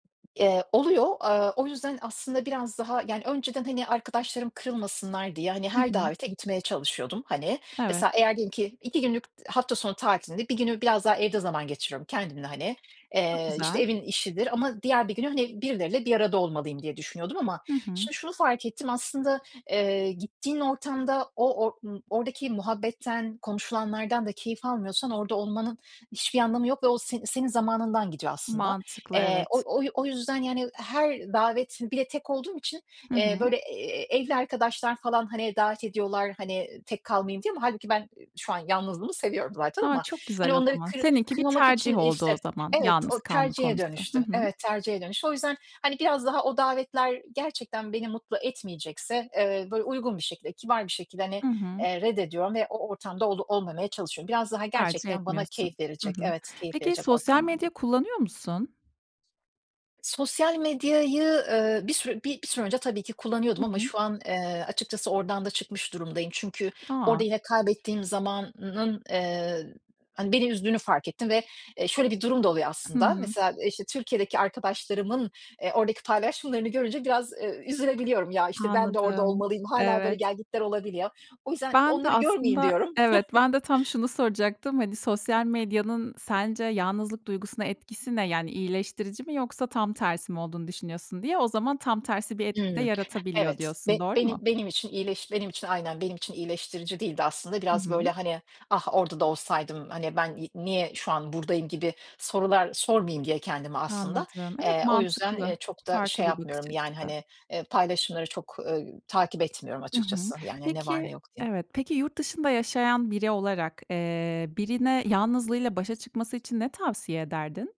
Eee, oluyor. Eee, o yüzden aslında biraz daha yani önceden, hani, arkadaşlarım kırılmasınlar diye, hani, Hı her hı. davete gitmeye çalışıyordum. Hani, mesela Evet. eğer diyelim ki 2 günlük hafta sonu tatilinde, bir günü biraz daha evde zaman geçiriyorum kendimle, hani, Çok eee, işte, güzel. evin işidir Ama diğer bir günü, hani birileriyle bir arada olmalıyım diye düşünüyordum ama Hı hı. şimdi şunu fark ettim: Aslında, eee, gittiğin ortamda o or ımm, oradaki muhabbetten, konuşulanlardan da keyif almıyorsan orada olmanın hiçbir anlamı yok ve o s senin zamanından gidiyor aslında. Mantıklı, Eee, o evet. oy o yüzden, yani, her davetin Bir de tek olduğum için, Hı eee, hı. böyle, eee, evli arkadaşlar falan, hani, davet ediyorlar hani, tek kalmayayım diye ama hâlbuki ben şu an yalnızlığımı seviyorum zaten A, ama çok hani güzel o onları zaman. kır Seninki bir kırmamak için tercih oldu İşte, o zaman evet, o yalnız kalma tercihe konusu. Hı dönüştü. hı. Evet, tercihe dönüştü. O yüzden, hani, biraz daha o davetler gerçekten beni mutlu etmeyecekse, eee, böyle uygun bir şekilde, kibar bir şekilde, hani, Hı hı. eee, reddediyorum ve o ortamda ol olmamaya çalışıyorum. Biraz daha Tercih gerçekten bana etmiyorsun. keyif Hı verecek hı. evet, keyif Peki verecek sosyal ortamlarda. medya kullanıyor musun? Sosyal medyayı, eee, bir sü bir bir süre önce tabii ki Hı kullanıyordum ama hı. şu an, eee, açıkçası oradan da çıkmış durumdayım. Çünkü A! orada yine kaybettiğim zamanın, eee, hani beni üzdüğünü fark ettim ve, eee, şöyle bir durum da oluyor Hı aslında: hı. Mesela, işte, Türkiye'deki arkadaşlarımın, eee, oradaki paylaşımlarını görünce biraz, eee, üzülebiliyorum. "Ya işte ben de orada Anladım. olmalıyım." Hâlâ böyle Evet. gelgitler olabiliyor. O yüzden Ben de "Onları görmeyeyim." aslında diyorum. Evet, ben de tam şunu soracaktım: Hani, sosyal medyanın sence yalnızlık duygusuna etkisi ne? Yani iyileştirici mi yoksa tam tersi mi olduğunu düşünüyorsun, diye o zaman tam tersi bir etki de Hımm. yaratabiliyor Evet, be diyorsun. Doğru benim mu? benim için iyileş benim için aynen, benim için iyileştirici değildi aslında. Hı Biraz böyle, hı. hani, "Ah, orada da olsaydım. Hani, ben y niye şu an buradayım?" gibi sorular sormayayım diye kendime aslında. Anladım. Evet, Eee, o yüzden, mantıklı. eee, çok da Farklı şey bir bakış yapmıyorum, yani açısı. hani, eee, paylaşımları çok, eee, takip etmiyorum Hı hı. açıkçası, yani, "Ne var, Peki ne yok?" diye. Evet, peki yurt dışında yaşayan biri olarak, eee, birine yalnızlığıyla başa çıkması için ne tavsiye ederdin?